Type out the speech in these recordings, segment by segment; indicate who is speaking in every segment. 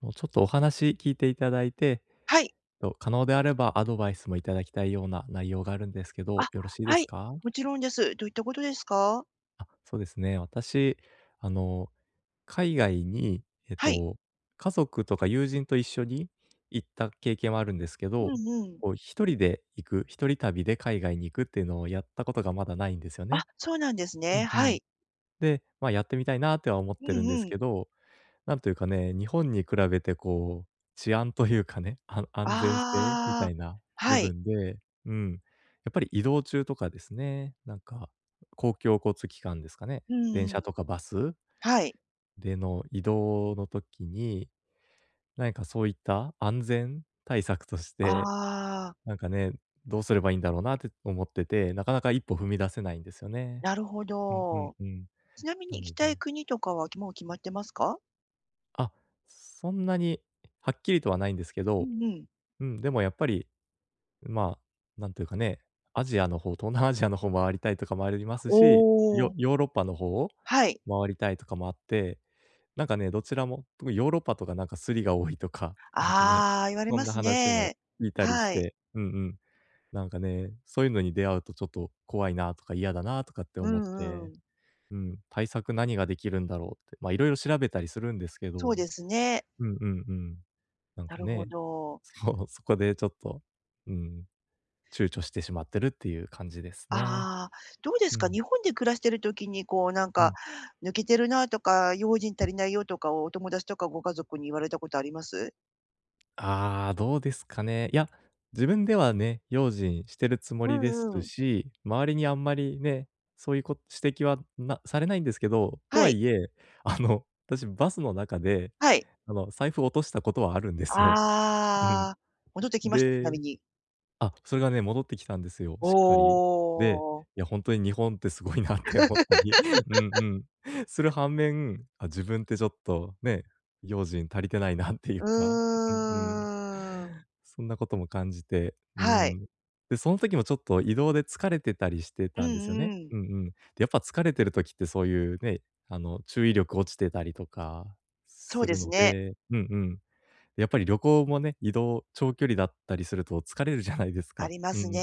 Speaker 1: もう、ちょっとお話聞いていただいて、
Speaker 2: はい。
Speaker 1: と、可能であればアドバイスも頂きたいような内容があるんですけど、
Speaker 2: あ、
Speaker 1: よろしいで
Speaker 2: は
Speaker 1: す
Speaker 2: い、
Speaker 1: か？
Speaker 2: もちろんです。どういったことですか？
Speaker 1: あ、そうですね、私、あの、海外に、え
Speaker 2: はい。
Speaker 1: と、家族とか友人と一緒に行った経験はあるんですけ
Speaker 2: う
Speaker 1: ど、
Speaker 2: んうん。
Speaker 1: こう、一人で行く一人旅で海外に行くっていうのをやったことがまだないんですよ
Speaker 2: あ、
Speaker 1: ね。
Speaker 2: そうなんです
Speaker 1: う
Speaker 2: ね。
Speaker 1: ん、う
Speaker 2: は
Speaker 1: ん。
Speaker 2: い。
Speaker 1: で、まあ、やってみたいなとは思っ
Speaker 2: う
Speaker 1: てるんです
Speaker 2: んう
Speaker 1: け
Speaker 2: ん。
Speaker 1: ど、なんというかね、日本に比べてこう、治安というかね、あん安全性みた
Speaker 2: ああ。
Speaker 1: いな部
Speaker 2: はい。
Speaker 1: 分で、うん。やっぱり移動中とかですね、なんか、公共交通機関ですかね。
Speaker 2: うん
Speaker 1: 電
Speaker 2: う
Speaker 1: 車
Speaker 2: ん。
Speaker 1: とかバス
Speaker 2: はい。
Speaker 1: での移動の時に、何かそういった安全対策として、
Speaker 2: ああ。
Speaker 1: なんかね、どうすればいんだろうなって思ってて、なかなか一歩踏み出せないんですよね。
Speaker 2: なるほ
Speaker 1: うん、うん、
Speaker 2: ど。
Speaker 1: うん。
Speaker 2: ちなみ
Speaker 1: な
Speaker 2: に行き
Speaker 1: ので
Speaker 2: たい国とかはきもう決まってますか？
Speaker 1: あ、そんなにはっきりとはないんですけ
Speaker 2: う
Speaker 1: ど、
Speaker 2: んうん。
Speaker 1: うん、でもやっぱり、まあ、なんていうかね、アジアの方東南アジアの方回りたいとかもありますし、
Speaker 2: お
Speaker 1: ヨ
Speaker 2: お。
Speaker 1: ヨーロッパの方を
Speaker 2: はい。
Speaker 1: 回りたいとかもあって。なんかね、どちらも、特にヨーロッパとかなんかスリが多いとか、なんかね、
Speaker 2: ああ、言われ
Speaker 1: そ
Speaker 2: ま
Speaker 1: んな
Speaker 2: す
Speaker 1: 話も
Speaker 2: ね。
Speaker 1: 聞いたりし
Speaker 2: はい。
Speaker 1: て、うん、うん。なんかね、そういうのに出会うとちょっと怖いなとか嫌だなとかって
Speaker 2: う
Speaker 1: 思っ
Speaker 2: んう
Speaker 1: て、
Speaker 2: ん。
Speaker 1: うん。対策何ができるんだろうって。ま、色々調べたりするんですけ
Speaker 2: そう
Speaker 1: ど、
Speaker 2: ですね。
Speaker 1: うんうんうん。なん
Speaker 2: な
Speaker 1: か
Speaker 2: るほ
Speaker 1: ね。
Speaker 2: ど。
Speaker 1: そう、そこでちょっと、うーん、躊躇してしまってるっていう感じですね。
Speaker 2: ああ、どうです
Speaker 1: う
Speaker 2: か？日
Speaker 1: ん。
Speaker 2: 本で暮らしてる時にこうなん
Speaker 1: う
Speaker 2: か
Speaker 1: ん。
Speaker 2: 抜けてるなとか用心足りないよ、とかをお友達とかご家族に言われたことあります？
Speaker 1: ああ、どうですかね。いや、自分ではね、用心してるつも
Speaker 2: う
Speaker 1: りです
Speaker 2: んうん。
Speaker 1: し、周りにあんまりね、そういうこ指摘はなされないんですけど。と
Speaker 2: は
Speaker 1: は
Speaker 2: い。
Speaker 1: いえ、あの、私、バスの中で、
Speaker 2: はい。
Speaker 1: あの、財布を落としたことはあるんですよ。うん。
Speaker 2: ああ、戻ってきました。ちなみ
Speaker 1: で、
Speaker 2: に。
Speaker 1: あ、それがね、戻ってきたんですよ、
Speaker 2: お
Speaker 1: しっかり。で、
Speaker 2: お。
Speaker 1: いや、ほんとに日本ってすごいなって思ったり。うん、う ん。する反面、あ、自分ってちょっとね、用心足りてないなっていう
Speaker 2: う
Speaker 1: か、うんうん。
Speaker 2: ーん。
Speaker 1: そんなことも感じて、うー
Speaker 2: はい。
Speaker 1: ん。で、その時もちょっと移動で疲れてたりして
Speaker 2: う
Speaker 1: たんですよ
Speaker 2: ん
Speaker 1: ね。
Speaker 2: うん。
Speaker 1: うんうん。で、やっぱ疲れてる時ってそういうね、あの、注意力落ちてたりとか
Speaker 2: そう
Speaker 1: す
Speaker 2: で
Speaker 1: る
Speaker 2: す
Speaker 1: の
Speaker 2: ね。
Speaker 1: で、うんうん。やっぱり旅行もね、移動長距離だったりすると疲れるじゃないです
Speaker 2: あ
Speaker 1: か。
Speaker 2: りま
Speaker 1: うんう
Speaker 2: す
Speaker 1: ん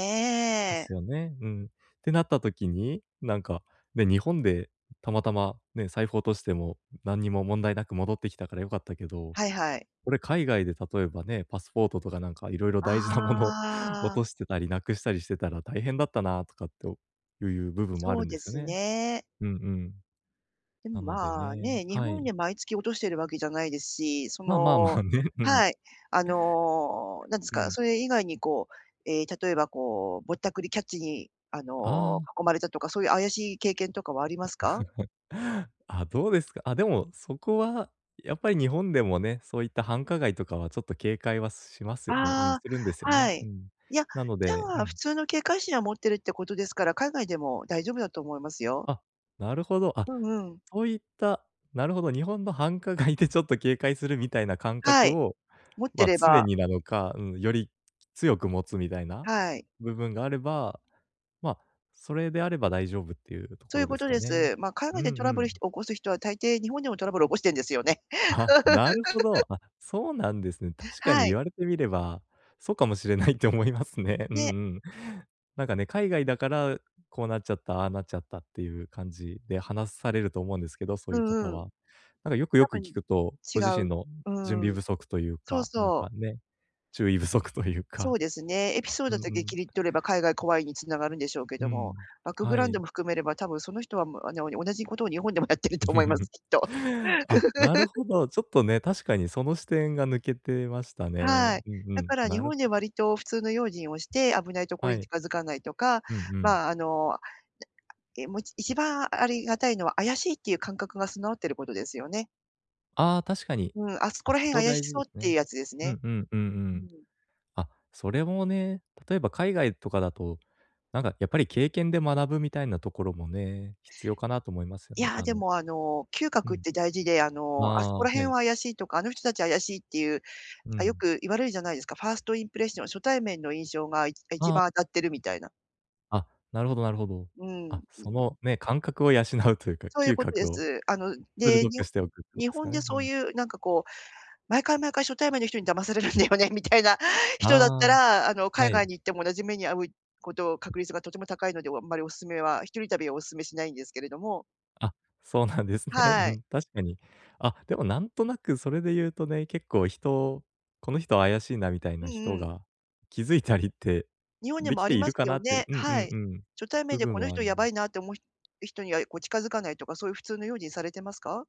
Speaker 1: ですよね、うん。ってなった時に、なんか、ね、日本で、たまたまね、財布落としても何にも問題なく戻ってきたから良かったけど、
Speaker 2: はいはい。
Speaker 1: これ海外で例えばね、パスポートとかなんか色々大事なもの、落
Speaker 2: ああ。
Speaker 1: としてたり、失くしたりしてたら、大変だったなとかっておいう部分もあ
Speaker 2: そ
Speaker 1: る
Speaker 2: う
Speaker 1: んで
Speaker 2: で
Speaker 1: すよ
Speaker 2: す
Speaker 1: ね。
Speaker 2: ね。
Speaker 1: うんうん。
Speaker 2: で
Speaker 1: な
Speaker 2: も、
Speaker 1: ので
Speaker 2: まあ、
Speaker 1: ね
Speaker 2: ね、日
Speaker 1: は
Speaker 2: 本
Speaker 1: い。
Speaker 2: では毎月落としてるわけじゃないですし、そ
Speaker 1: まあまあま
Speaker 2: の
Speaker 1: あ、ね。うん。
Speaker 2: はい。あの、何です
Speaker 1: う
Speaker 2: か、
Speaker 1: ん。
Speaker 2: それ以外にこう、ええ、例えば、こう、ぼったくりキャッチにあ
Speaker 1: あ
Speaker 2: の、
Speaker 1: あ。
Speaker 2: 囲まれたとか、そういう怪しい経験とかはありますか？
Speaker 1: あ、どうですか？あ、でもそこはやっぱり日本でもね、そういった繁華街とかはちょっと警戒はしますよねうん、
Speaker 2: あ
Speaker 1: するんですよ
Speaker 2: あ、は
Speaker 1: ね。う
Speaker 2: い。
Speaker 1: ん。
Speaker 2: いや、
Speaker 1: なの
Speaker 2: じ
Speaker 1: でう
Speaker 2: ゃあ普
Speaker 1: ん。
Speaker 2: 通の警戒心は持ってるってことですから、海外でも大丈夫だと思いますよ。
Speaker 1: あ、なるほど。あ、
Speaker 2: うんうん。
Speaker 1: そういったなるほど、日本の繁華街でちょっと警戒するみたいな感
Speaker 2: は
Speaker 1: 覚
Speaker 2: い、
Speaker 1: を
Speaker 2: 持っ
Speaker 1: ま
Speaker 2: て
Speaker 1: あ、
Speaker 2: れ
Speaker 1: 常
Speaker 2: ば。
Speaker 1: になのか、うん、より強く持つみたいな
Speaker 2: はい。
Speaker 1: 部分があれば、まあ、それであれば大丈夫っていうと
Speaker 2: そう
Speaker 1: こ
Speaker 2: いう
Speaker 1: ろで
Speaker 2: こ
Speaker 1: す
Speaker 2: と
Speaker 1: か
Speaker 2: で
Speaker 1: ね。
Speaker 2: す。まあ、海
Speaker 1: う
Speaker 2: 外でト
Speaker 1: ん
Speaker 2: ラ
Speaker 1: う
Speaker 2: ブルをひ起
Speaker 1: ん。
Speaker 2: こす人は大抵日本でもトラブルを起こしてるんですよね。
Speaker 1: あ、なるほど。あ、そうなんですね。確かに
Speaker 2: はい。
Speaker 1: 言われてみれば、そうかもしれないって思いますね。うんう
Speaker 2: ね。
Speaker 1: ん。なんかね、海外だから、こうなっちゃった、ああなっちゃったっていう感じで話されると思うんですけど、そう
Speaker 2: う
Speaker 1: いう方
Speaker 2: んうん。
Speaker 1: は。なんかよくよ
Speaker 2: 多
Speaker 1: く
Speaker 2: 分
Speaker 1: 聞くと、
Speaker 2: 違
Speaker 1: ご自
Speaker 2: う
Speaker 1: 身の準
Speaker 2: う
Speaker 1: 備
Speaker 2: ーん。
Speaker 1: 不足という
Speaker 2: そう、
Speaker 1: かなんか
Speaker 2: そう。
Speaker 1: ね、注意不足という
Speaker 2: そ
Speaker 1: か。
Speaker 2: うですね。エピソー
Speaker 1: う
Speaker 2: ド
Speaker 1: ん
Speaker 2: だ
Speaker 1: う
Speaker 2: け
Speaker 1: ん。
Speaker 2: 切り取れば、海外怖いに繋がるんでしょうけど
Speaker 1: う
Speaker 2: も、
Speaker 1: ん。
Speaker 2: バックグ
Speaker 1: は
Speaker 2: ラウンド
Speaker 1: い。
Speaker 2: も含めれば多分、その人はもあの同じことを日本でもやってると思います、きっと。
Speaker 1: あ、なる ほど。ちょっとね、確かにその視点が抜けてましたね。
Speaker 2: はい。
Speaker 1: うんう
Speaker 2: だ
Speaker 1: ん。
Speaker 2: から日
Speaker 1: なる
Speaker 2: 本
Speaker 1: ほ
Speaker 2: で
Speaker 1: ど。
Speaker 2: 割と普通の用心をして、危ないところ
Speaker 1: は
Speaker 2: に
Speaker 1: い。
Speaker 2: 近づかないとか、
Speaker 1: うんうん。
Speaker 2: まあ、あの、であえも一番ありがたいのは怪しいっていう感覚が備わっていることですよね。
Speaker 1: ああ、確かに、
Speaker 2: うん、「あそこ
Speaker 1: あ、
Speaker 2: ら
Speaker 1: そ
Speaker 2: 辺
Speaker 1: こ
Speaker 2: 怪し
Speaker 1: 大事
Speaker 2: そ
Speaker 1: で
Speaker 2: う」っ
Speaker 1: す
Speaker 2: ていう
Speaker 1: ね。
Speaker 2: やつです
Speaker 1: う
Speaker 2: ね。
Speaker 1: んうんうんう
Speaker 2: う
Speaker 1: ん。
Speaker 2: ん。
Speaker 1: あ、それもね、例えば海外とかだと、なんかやっぱり経験で学ぶみたいなところもね、必要かなと思いますよ
Speaker 2: い
Speaker 1: ね。
Speaker 2: や、
Speaker 1: あ
Speaker 2: で
Speaker 1: の
Speaker 2: もあの、嗅
Speaker 1: う
Speaker 2: 覚っ
Speaker 1: ん。
Speaker 2: て大事で、あ
Speaker 1: あ
Speaker 2: の、「あそ
Speaker 1: あ、
Speaker 2: こ
Speaker 1: は
Speaker 2: ら辺は
Speaker 1: い。
Speaker 2: 怪しい」とか、「あの人たちは怪しい」っていう、
Speaker 1: う
Speaker 2: あ、よ
Speaker 1: ん。
Speaker 2: く言われるじゃないですか。ファーストインプレッション、初対面の印象が、あ、一
Speaker 1: ああ。
Speaker 2: 番当たってるみたいな。
Speaker 1: あ、なるほどなるほど。
Speaker 2: うん。
Speaker 1: あ、そのね、感覚を養うというか、
Speaker 2: そういう
Speaker 1: 嗅
Speaker 2: ことで
Speaker 1: 覚を
Speaker 2: す。あの、で、
Speaker 1: 鋭
Speaker 2: に
Speaker 1: く
Speaker 2: ほ
Speaker 1: しておくってこ
Speaker 2: 日
Speaker 1: とすか
Speaker 2: 本で
Speaker 1: ね、う
Speaker 2: そう
Speaker 1: ん。
Speaker 2: いうなんかこう、毎回毎回初対面の人に騙されるんだよね、みたいな
Speaker 1: あ
Speaker 2: 人だった
Speaker 1: あ、
Speaker 2: ら、あの、海
Speaker 1: は
Speaker 2: 外
Speaker 1: い。
Speaker 2: に行っても同じ目に遭ういこと確率がとても高いので、あんまりお勧めは、1人旅はお勧めしないんですけれども
Speaker 1: あ、そうなんですね。う
Speaker 2: はい。
Speaker 1: ん、確かに。あ、でもなんとなくそれで言うとね、結構、人この人は怪しいなみたい
Speaker 2: う
Speaker 1: な
Speaker 2: ん
Speaker 1: 人
Speaker 2: うん。
Speaker 1: が、気づいたりって
Speaker 2: 日本に
Speaker 1: で
Speaker 2: も
Speaker 1: き
Speaker 2: あ
Speaker 1: て
Speaker 2: り
Speaker 1: い
Speaker 2: ま
Speaker 1: る
Speaker 2: す
Speaker 1: か
Speaker 2: よ
Speaker 1: なって
Speaker 2: ね？
Speaker 1: うんう
Speaker 2: は
Speaker 1: ん
Speaker 2: い。
Speaker 1: うん。
Speaker 2: 初対面
Speaker 1: 部
Speaker 2: で
Speaker 1: 分
Speaker 2: この
Speaker 1: はあ
Speaker 2: 人
Speaker 1: る…
Speaker 2: やばいなって思うひ人にはこう、近づかないとか、そういう普通の用心されてますか？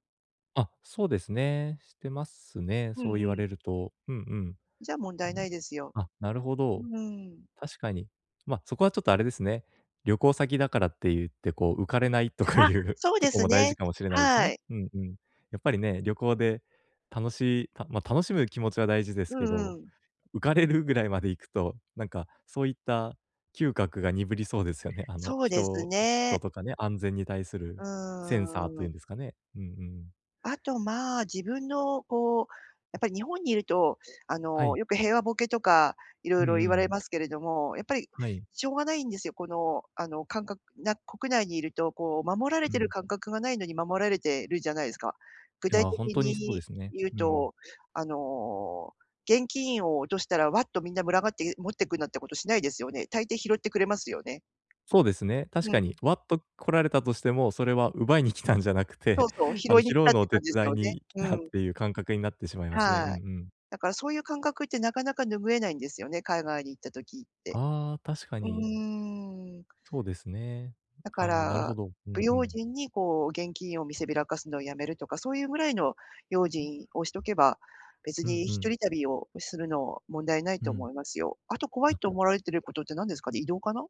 Speaker 1: あ、そうですね。してますね、
Speaker 2: う
Speaker 1: そう
Speaker 2: ん
Speaker 1: 言わ
Speaker 2: うん。
Speaker 1: れると。うんうん。
Speaker 2: じゃあ問
Speaker 1: う
Speaker 2: 題な
Speaker 1: ん、
Speaker 2: いですよ。
Speaker 1: あ、なるほど、
Speaker 2: うん。
Speaker 1: 確かに。ま、そこはちょっとあれですね。旅行先だからって言ってこう、浮かれないとか
Speaker 2: あ、
Speaker 1: いう
Speaker 2: そう
Speaker 1: と
Speaker 2: で
Speaker 1: こ
Speaker 2: す
Speaker 1: も大
Speaker 2: ね。
Speaker 1: 事かもしれないです
Speaker 2: は
Speaker 1: ね。
Speaker 2: い。
Speaker 1: うんうん。やっぱりね、旅行で、楽しい、たま、楽しむ気持ちは大事です
Speaker 2: う
Speaker 1: け
Speaker 2: ん
Speaker 1: ど、
Speaker 2: うん。
Speaker 1: 浮かれるぐらいまでいくと、なんかそういった嗅覚が鈍りそうですよね、あの、
Speaker 2: そうです
Speaker 1: 人人
Speaker 2: ね。
Speaker 1: とかね、安全に対す
Speaker 2: う
Speaker 1: るセンサー
Speaker 2: ー
Speaker 1: という
Speaker 2: ん。
Speaker 1: んですかね。うんうん。
Speaker 2: あとまあ、自分のこう、やっぱり日本にいると、あ
Speaker 1: は
Speaker 2: の、
Speaker 1: い。
Speaker 2: よく平和ボケとか色
Speaker 1: う
Speaker 2: 々
Speaker 1: んう
Speaker 2: 言われ
Speaker 1: ん。
Speaker 2: ますけれども、やっぱり
Speaker 1: はい。
Speaker 2: しょうがないんですよ、この、あの、感覚な国内にいるとこう守られ
Speaker 1: う
Speaker 2: てる
Speaker 1: ん。
Speaker 2: 感覚がないのに守られてるじゃないですか。具
Speaker 1: い
Speaker 2: 体
Speaker 1: や、ほん
Speaker 2: 的
Speaker 1: とにそうで
Speaker 2: に
Speaker 1: すね、
Speaker 2: 言う
Speaker 1: うん。
Speaker 2: と、あの、現金を落としたら、わっとみんな群がって持ってくなんてことしないですよね。大抵拾ってくれますよね。
Speaker 1: そうですね。確
Speaker 2: う
Speaker 1: か
Speaker 2: ん。
Speaker 1: にわっと来られたとしても、それは奪いに来たんじゃなく
Speaker 2: そう
Speaker 1: て、
Speaker 2: そう、拾
Speaker 1: あの、
Speaker 2: いに来
Speaker 1: 拾
Speaker 2: た
Speaker 1: う
Speaker 2: っ
Speaker 1: の
Speaker 2: て
Speaker 1: を手
Speaker 2: 感じです
Speaker 1: 伝
Speaker 2: よ
Speaker 1: い
Speaker 2: ね。
Speaker 1: に来
Speaker 2: う
Speaker 1: たっ
Speaker 2: ん。
Speaker 1: ていう感覚になってしまいますね。うんう
Speaker 2: はい。
Speaker 1: ん。
Speaker 2: だからそういう感覚ってなかなか拭えないんですよね、海外に行った時って。
Speaker 1: ああ、確か
Speaker 2: う
Speaker 1: に。
Speaker 2: ーん。
Speaker 1: そうですね。
Speaker 2: だか
Speaker 1: ああ、なる
Speaker 2: ら、
Speaker 1: ほど。う
Speaker 2: 不
Speaker 1: んう
Speaker 2: 用
Speaker 1: ん。
Speaker 2: 心にこう、現金を見せびらかすのをやめるとか、そういうぐらいの用心をしとけば、別
Speaker 1: うん
Speaker 2: に
Speaker 1: う
Speaker 2: ひと
Speaker 1: ん。
Speaker 2: り旅をするの、問題ない
Speaker 1: う
Speaker 2: と
Speaker 1: ん。
Speaker 2: 思いますよ。あと怖い
Speaker 1: あ
Speaker 2: と思われてることって何ですかね、移動かな？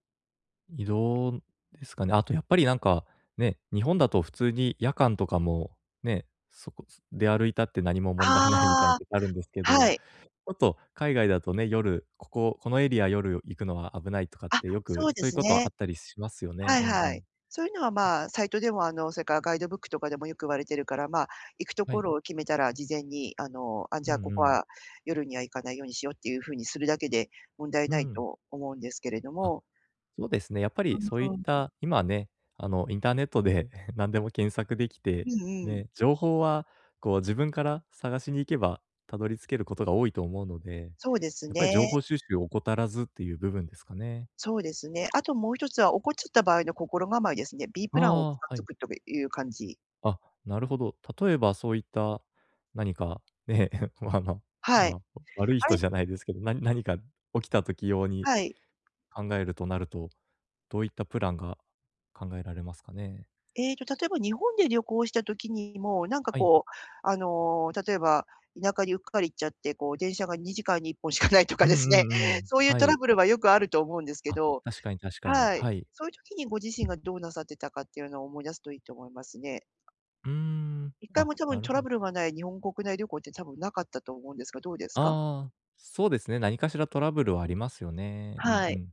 Speaker 1: 移動ですかね。あとやっぱりなんか、ね、日本だと普通に夜間とかも、ね、そこ、す出歩いたって何も問題ないみたいな
Speaker 2: ああ、
Speaker 1: とこあるんですけ
Speaker 2: は
Speaker 1: ど。
Speaker 2: い。
Speaker 1: ちょっと海外だとね、夜、こここのエリア夜行くのは危ないとかっ
Speaker 2: あ、
Speaker 1: てよく
Speaker 2: そう
Speaker 1: そ
Speaker 2: で
Speaker 1: ういう
Speaker 2: す
Speaker 1: こと
Speaker 2: ね。
Speaker 1: あったりしますよね。
Speaker 2: はい
Speaker 1: うんう
Speaker 2: はい。
Speaker 1: ん。
Speaker 2: そういうのは
Speaker 1: うん。
Speaker 2: まあ、サイトでもあの、それからガイドブックとかでもよく言われてるから、まあ、行くと
Speaker 1: は
Speaker 2: こ
Speaker 1: い。
Speaker 2: ろを決めたら事前にあの、あ、
Speaker 1: う
Speaker 2: じゃあこ
Speaker 1: んう
Speaker 2: こ
Speaker 1: ん。
Speaker 2: は、夜には行かないようにしようっていうふうにするだけで、問題
Speaker 1: う
Speaker 2: ない
Speaker 1: ん。
Speaker 2: と思うんですけれど
Speaker 1: あ、
Speaker 2: も。
Speaker 1: そうですね。やっぱり
Speaker 2: うん、
Speaker 1: そうい
Speaker 2: う
Speaker 1: っ
Speaker 2: ん、うん。
Speaker 1: た今ね、あの、インターネットで 何でも検索でき
Speaker 2: う
Speaker 1: て、
Speaker 2: んうん。
Speaker 1: ね。情報は、こう、自分から探しに行けば、たどり着けることが多いと思うので。
Speaker 2: そうです
Speaker 1: やっぱり情
Speaker 2: ね。
Speaker 1: 報収集を怠らずっていう部分ですかね。
Speaker 2: そうですね。あと、もう一つは起こっちゃった場合の心構えですね。B プ
Speaker 1: あ
Speaker 2: ランをつかっ
Speaker 1: あ、は
Speaker 2: つ
Speaker 1: い。
Speaker 2: くっとくいう感じ。
Speaker 1: あ、なるほど。例えばそういった何か、ね、ま、あの、
Speaker 2: はい。
Speaker 1: ま、悪い
Speaker 2: あ
Speaker 1: 人
Speaker 2: れ？
Speaker 1: じゃないですけど、な何か起きた時用に
Speaker 2: はい。
Speaker 1: 考えるとなると、どういったプランが考えられますかね？
Speaker 2: ええと、例えば日本で旅行した時にも、なんか
Speaker 1: はい。
Speaker 2: こう、あの、例えば、田舎にうっかり行っちゃって、こう、電車が2時間に1本しかないとか
Speaker 1: うん
Speaker 2: です
Speaker 1: う
Speaker 2: ね、
Speaker 1: んうん。
Speaker 2: そういう
Speaker 1: は
Speaker 2: トラ
Speaker 1: い。
Speaker 2: ブルはよくあると思うんですけ
Speaker 1: あ、
Speaker 2: ど、
Speaker 1: 確かに、確かに。
Speaker 2: はい。
Speaker 1: はい。
Speaker 2: そういう時にご自身がどうなさってたかっていうのを思い出すといいと思いますね。
Speaker 1: うーん、
Speaker 2: 1回
Speaker 1: あ、
Speaker 2: も多
Speaker 1: な
Speaker 2: 分
Speaker 1: る
Speaker 2: ト
Speaker 1: ほ
Speaker 2: ラ
Speaker 1: ど。
Speaker 2: ブルがない日本国内旅行って多分なかったと思うんですが、どうですか？
Speaker 1: ああ、そうですね、何かしらトラブルはありますよね。うん
Speaker 2: は
Speaker 1: う
Speaker 2: い、
Speaker 1: ん。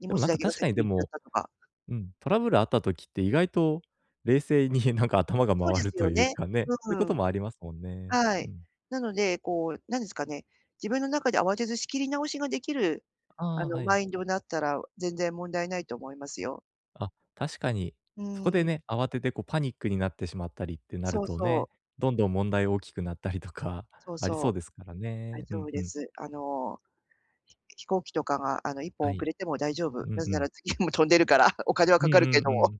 Speaker 2: 荷
Speaker 1: でも
Speaker 2: 物
Speaker 1: なん
Speaker 2: だ
Speaker 1: か
Speaker 2: けが
Speaker 1: 確か
Speaker 2: 先
Speaker 1: に
Speaker 2: に
Speaker 1: で
Speaker 2: 行っちゃっ
Speaker 1: も
Speaker 2: たとか。
Speaker 1: うん。トラブルあった時って意外と冷静になんか頭が
Speaker 2: そうで
Speaker 1: 回る
Speaker 2: す
Speaker 1: と
Speaker 2: よ
Speaker 1: いう
Speaker 2: ね。
Speaker 1: かね、そうい
Speaker 2: う
Speaker 1: うこと
Speaker 2: ん。
Speaker 1: もありますもんね。
Speaker 2: は
Speaker 1: う
Speaker 2: い。
Speaker 1: ん。
Speaker 2: なので、こうなんですかね、自分の中で慌てず仕切り直しができる、あ
Speaker 1: ああ、
Speaker 2: の、
Speaker 1: は
Speaker 2: マ
Speaker 1: い。
Speaker 2: インドだったら全然問題ないと思いますよ。
Speaker 1: あ、確かに。
Speaker 2: う
Speaker 1: そこで
Speaker 2: ーん。
Speaker 1: ね、慌ててこうパニックになってしまったりってなる
Speaker 2: そう
Speaker 1: と
Speaker 2: そう。
Speaker 1: ね、どんどん問題大きくなったりとか、
Speaker 2: そう
Speaker 1: あり
Speaker 2: そ
Speaker 1: そう
Speaker 2: う。
Speaker 1: ですから
Speaker 2: 大
Speaker 1: ね。う
Speaker 2: 丈夫
Speaker 1: んう
Speaker 2: で
Speaker 1: ん。
Speaker 2: す。あの飛飛行機とかがあの、1本
Speaker 1: は
Speaker 2: 遅
Speaker 1: い。
Speaker 2: れても大丈夫。
Speaker 1: う
Speaker 2: な
Speaker 1: ん
Speaker 2: ぜ
Speaker 1: う
Speaker 2: な
Speaker 1: ん。
Speaker 2: ら次も飛んでるから、お金は
Speaker 1: うん
Speaker 2: かかるけ
Speaker 1: う
Speaker 2: ど
Speaker 1: んう
Speaker 2: も。
Speaker 1: ん。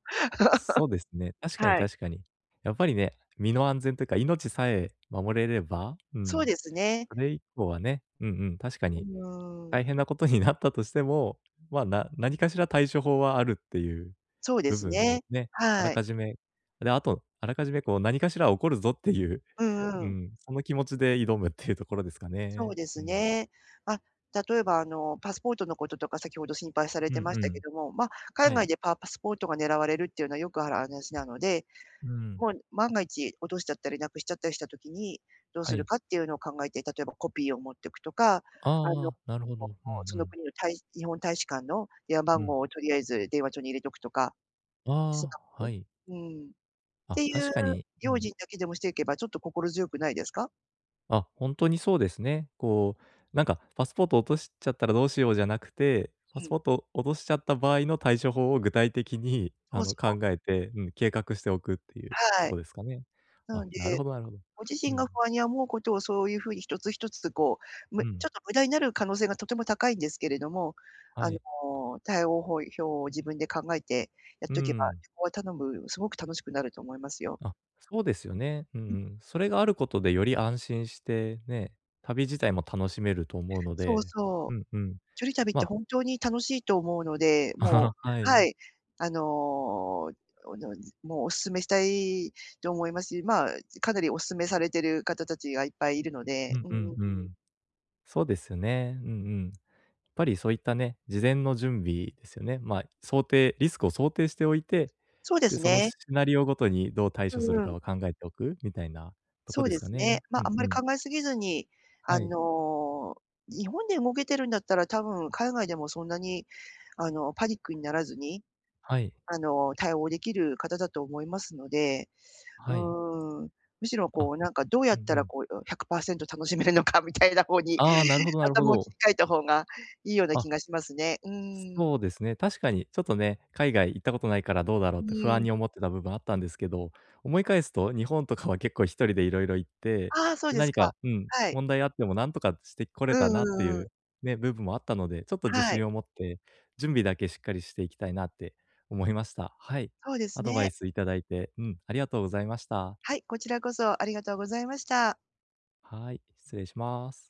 Speaker 1: そうですね、確かに
Speaker 2: はい。
Speaker 1: 確かに。やっぱりね、身の安全というか、命さえ守れれば、う
Speaker 2: そう
Speaker 1: ん、
Speaker 2: ですね。
Speaker 1: それ以降はね、うんうん、確か
Speaker 2: う
Speaker 1: に、
Speaker 2: ーん。
Speaker 1: 大変なことになったとしても、まあ、な何かしら対処法はあるっていう
Speaker 2: そうで
Speaker 1: 部
Speaker 2: す
Speaker 1: 分
Speaker 2: ね、
Speaker 1: をね、あら
Speaker 2: はい。
Speaker 1: かじめ、で、あと、あらかじめこう何かしら起こるぞっていう、
Speaker 2: う
Speaker 1: うー
Speaker 2: んうん。
Speaker 1: ん、その気持ちで挑むっていうところですか
Speaker 2: そ
Speaker 1: ね。
Speaker 2: うで
Speaker 1: う
Speaker 2: す
Speaker 1: ん。
Speaker 2: ね。あ、例えばあの、パスポートのこととか先ほど心配され
Speaker 1: う
Speaker 2: て
Speaker 1: ん
Speaker 2: まし
Speaker 1: う
Speaker 2: たけ
Speaker 1: ん。
Speaker 2: ども、まあ、海
Speaker 1: はい。
Speaker 2: 外でパパスポートが狙われるっていうのはよくある話なので、
Speaker 1: うーん。
Speaker 2: もう万が一落としちゃったり失くしちゃったりした時に、どう
Speaker 1: は
Speaker 2: する
Speaker 1: い。
Speaker 2: かっていうのを考えて、例えばコピーを持っておくとか、あの、
Speaker 1: ああ、なるほど、うんう
Speaker 2: その
Speaker 1: ん。
Speaker 2: 国の大日本大使館の電話
Speaker 1: う
Speaker 2: 番
Speaker 1: ん。
Speaker 2: 号をとりあえず電話帳に入れておくとかしと
Speaker 1: ああ、
Speaker 2: く。
Speaker 1: はい。
Speaker 2: うん。
Speaker 1: あ、
Speaker 2: ていう
Speaker 1: 確かに、う
Speaker 2: 用
Speaker 1: ん。
Speaker 2: 心だけでもしていけばちょっと心強くないですか？
Speaker 1: あ、ほんとにそうですね。こうなんか、パスポートを落としちゃったらどうしようじゃなくて、パ
Speaker 2: う
Speaker 1: ス
Speaker 2: ん。
Speaker 1: ポートを落としちゃった場合の対処法を具体的に
Speaker 2: そ
Speaker 1: あ
Speaker 2: う
Speaker 1: の
Speaker 2: そう。
Speaker 1: 考えて、うん、計画しておくっていう
Speaker 2: は
Speaker 1: と
Speaker 2: い。
Speaker 1: こですかね。
Speaker 2: な
Speaker 1: あ、
Speaker 2: の
Speaker 1: なる
Speaker 2: で、
Speaker 1: ほどなるほど。
Speaker 2: ご自
Speaker 1: う
Speaker 2: 身が
Speaker 1: ん。
Speaker 2: 不安に思うことをそういうふうに一つ一つこう、む
Speaker 1: う
Speaker 2: ちょっ
Speaker 1: ん。
Speaker 2: と無駄になる可能性がとても高いんですけれども、
Speaker 1: は
Speaker 2: あの、
Speaker 1: い。
Speaker 2: 対応法表を自分で考えてやっ
Speaker 1: うー
Speaker 2: とけば、
Speaker 1: ん。
Speaker 2: 旅行はたのうすごく楽しくなると思いますよ。
Speaker 1: あ、そうですよね。うん
Speaker 2: うん。
Speaker 1: うん。それがあることでより安心して、ね、旅自体も楽しめると思うの
Speaker 2: そう
Speaker 1: で、
Speaker 2: そ
Speaker 1: う
Speaker 2: う。
Speaker 1: んうん、
Speaker 2: 1人旅って
Speaker 1: ま
Speaker 2: 本当に楽しいと思うので、も
Speaker 1: は
Speaker 2: う、
Speaker 1: い。
Speaker 2: はい、あの、おのもうお勧めしたいと思いますし、まあ、かなりお勧めされている方たちがいっぱいいるの
Speaker 1: う
Speaker 2: で、
Speaker 1: ん
Speaker 2: うー
Speaker 1: うん
Speaker 2: ん。
Speaker 1: うん。そうですね、うんうん。やっぱりそういったね、事前の準備ですよね。まあ、想定リスクを想定しておいて、
Speaker 2: そうで
Speaker 1: で、
Speaker 2: す
Speaker 1: その
Speaker 2: ね。
Speaker 1: シナリオごとにどう対
Speaker 2: う
Speaker 1: 処する
Speaker 2: んう
Speaker 1: か
Speaker 2: ん。
Speaker 1: を考えておくみたいなとこ
Speaker 2: そう
Speaker 1: で
Speaker 2: で
Speaker 1: すか
Speaker 2: すね、
Speaker 1: ね。
Speaker 2: ま、
Speaker 1: う
Speaker 2: あ
Speaker 1: ん
Speaker 2: んま
Speaker 1: う
Speaker 2: り
Speaker 1: ん。
Speaker 2: 考えすぎずに、あ
Speaker 1: はい。
Speaker 2: の、日本で動けてるんだったら、多分海外でもそんなに、あの、パニックにならずに、
Speaker 1: はい。
Speaker 2: あの、対応できる方だと思いますので。う
Speaker 1: はい。
Speaker 2: ーん、むしろこ
Speaker 1: あ、
Speaker 2: うなんかどうや
Speaker 1: う
Speaker 2: っ
Speaker 1: んう
Speaker 2: たら
Speaker 1: ん。
Speaker 2: こう100パーセント楽しめるのかみたいな方に
Speaker 1: ああ、なるほどなるほ
Speaker 2: 頭を切
Speaker 1: ど。
Speaker 2: り替えた方がいいような気
Speaker 1: あ
Speaker 2: がしますね。うーん。
Speaker 1: そうですね、確かにちょっとね、海外行ったことないからどうだろう
Speaker 2: う
Speaker 1: って不
Speaker 2: ー
Speaker 1: 安
Speaker 2: ん。
Speaker 1: に思ってた部分あったんですけど、思い返すと日本とかは結構1人で色々行って、
Speaker 2: ああ、そう
Speaker 1: で、
Speaker 2: です
Speaker 1: 何
Speaker 2: か。
Speaker 1: か、うん、
Speaker 2: はい。
Speaker 1: 問題あっても何とかしてこれ
Speaker 2: う
Speaker 1: た
Speaker 2: ん
Speaker 1: なって
Speaker 2: うんうん。
Speaker 1: いう、ね、部分もあったので、ちょっと自
Speaker 2: はい。
Speaker 1: 信を持って準備だけしっかりしていきたいなって思いました。はい。
Speaker 2: そうです
Speaker 1: アドバ
Speaker 2: ね。
Speaker 1: イスいただいて、うん、ありがとうございました。
Speaker 2: はい、こちらこそありがとうございました。
Speaker 1: はい、失礼します。